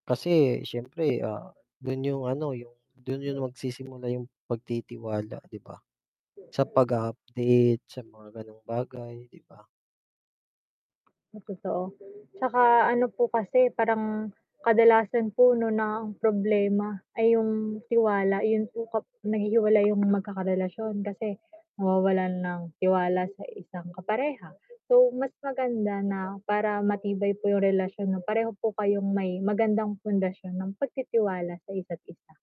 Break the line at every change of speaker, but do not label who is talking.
Kasi, syempre, ah, dun yung ano yung, dun yun magsisimula yung pagtitiwala 'di ba? Sa pag-u-update sa mga ganong bagay, 'di ba?
Na totoo, 'tsaka ano po kasi parang, kadalasan po 'no ng problema, ay yung tiwala 'yun po kap naghihiwalay yung magkakarelasyon kasi nawawalan ng tiwala sa isang kapareha, so mas maganda na, para matibay po yung relasyon 'no, pareho po kayong may magandang pundasyon ng pagtitiwala sa isa't isa.